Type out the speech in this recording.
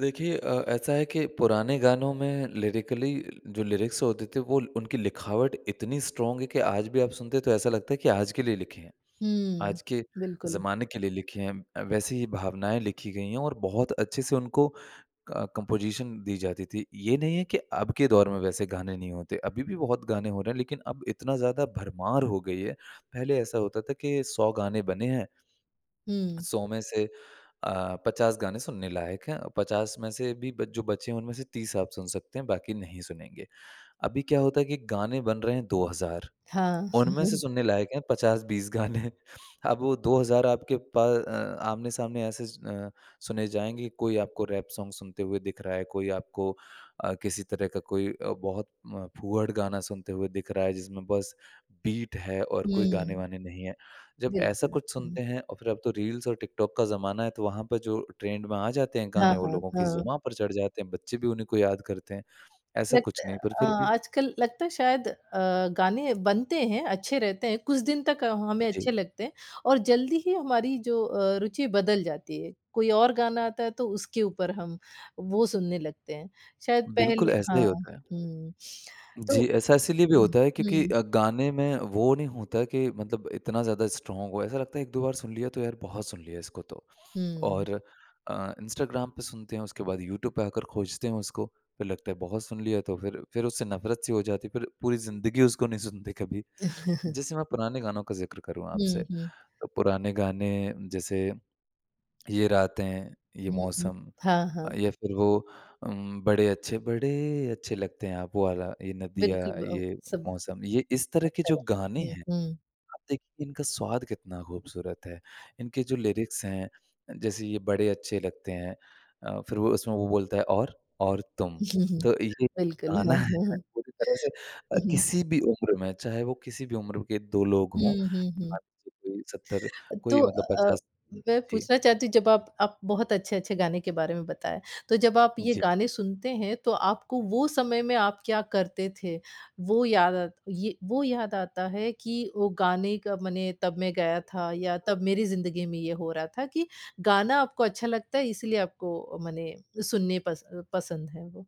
देखिए अ, ऐसा है कि पुराने गानों में लिरिकली, जो लिरिक्स होते थे, वो उनकी लिखावट इतनी स्ट्रॉन्ग है कि आज भी आप सुनते हैं, तो ऐसा लगता है कि आज के लिए लिखे हैं। हुँ। आज के बिल्कुल। ज़माने के लिए लिखे हैं अ, वैसी ही भावनाएँ लिखी गई हैं और बहुत अच्छे से उनको क कंपोज़िशन दी जाती थी। ये नहीं है कि अब के दौर में वैसे गाने नहीं होते। अभी भी बहुत गाने हो रहे हैं, लेकिन अब इतना ज़्यादा भरमार हो गई है। पहले ऐसा होता था कि 100 गाने बने हैं, हुँ। 100 में से अ, 50 गाने सुनने लायक हैं, 50 में से भी बच जो बचे हैं, उनमें से 30 आप सुन सकते हैं, बाकी नहीं सुनेंगे। अभी क्या होता है कि गाने बन रहे हैं, 2000। हाँ। उनमें से सुनने लायक हैं, 50-20 गाने। अब वो 2000 आपके प अ, आमने-सामने ऐसे ज़ अ, सुने जाएँगे, कोई आपको रैप सॉन्ग सुनते हुए दिख रहा है, कोई आपको अ, किसी तरह का कोई अ, बहुत म फूहड़ गाना सुनते हुए दिख रहा है, जिसमें बस बीट है और कोई हुँ। गाने-वाने नहीं हैं। जब ऐसा बिल्कुल, कुछ हुँ। सुनते हैं और फिर अब तो रील्स और टिकटॉक का ज़माना है, तो वहाँ पे जो ट्रेंड में आ जाते हैं हाँ, गाने, वो हाँ, लोगों की हाँ। ज़ुबाँ पर चढ़ जाते हैं, बच्चे भी उन्हीं को याद करते हैं। ऐसा लगते कुछ नहीं, पर अ, फिर भी आजकल लगता है, शायद अ, गाने बनते हैं, अच्छे रहते हैं। कुछ दिन तक हमें जी। अच्छे लगते हैं, और जल्दी ही हमारी जो अ, रुचि बदल जाती है। कोई और गाना आता है, तो उसके ऊपर हम वो सुनने लगते हैं। शायद पहले बिल्कुल, ऐसा हाँ, ही होता है। हुँ। तो जी, ऐसा इसीलिए भी हुँ, होता है, क्योंकि हुँ। अ, गाने में वो नहीं होता कि मतलब इतना ज़्यादा स्ट्रॉन्ग हो। ऐसा लगता है, 1-2 बार सुन लिया, तो यार, बहुत सुन लिया इसको तो। हुँ। और अ, इंस्टाग्राम पे सुनते हैं, उसके बाद यूट्यूब पे आकर खोजते हैं उसको। फिर लगता है, बहुत सुन लिया, तो फिर फिर उससे नफ़रत-सी हो जाती है। फिर पूरी ज़िंदगी उसको नहीं सुनते कभी। जैसे मैं पुराने गानों का ज़िक्र करूँ आपसे, हुँ, हुँ। तो पुराने गाने, जैसे ये रातें, ये हुँ, हुँ। मौसम हाँ, हाँ। अ, या फिर वो उम, बड़े अच्छे बड़े अच्छे लगते हैं आप, वो वाला, "ये नदियाँ, बिल्कुल, ब अ, ये सब मौसम" ये इस तरह के अच्छा जो रहता गाने है। हुँ, हैं, हुँ। आप देखिए, इनका स्वाद कितना खूबसूरत है। इनके जो लिरिक्स हैं अ, जैसे "ये बड़े अच्छे लगते हैं" अ, फिर वो उसमें वो बोलता है "और? और तुम।" तो ये बिल्कुल गाना है पूरी तरह से अ, किसी भी उम्र में, चाहे वो किसी भी उम्र के 2 लोग हों, हुँ, हुँ, मान हुँ। लीजिए कोई 70 अ, तो कोई मतलब अ अ, पचास मैं जी। पूछना चाहती हूँ, जब आप आप बहुत अच्छे-अच्छे गाने के बारे में बताया। तो जब आप ये जी। गाने सुनते हैं, तो आपको वो समय में आप क्या करते थे? वो याद आत ये वो याद आता है कि वो गाने का, मने तब मैं गया था, या तब मेरी ज़िंदगी में ये हो रहा था कि गाना आपको अच्छा लगता है, इसलिए आपको मने सुनने पस पसंद है वो?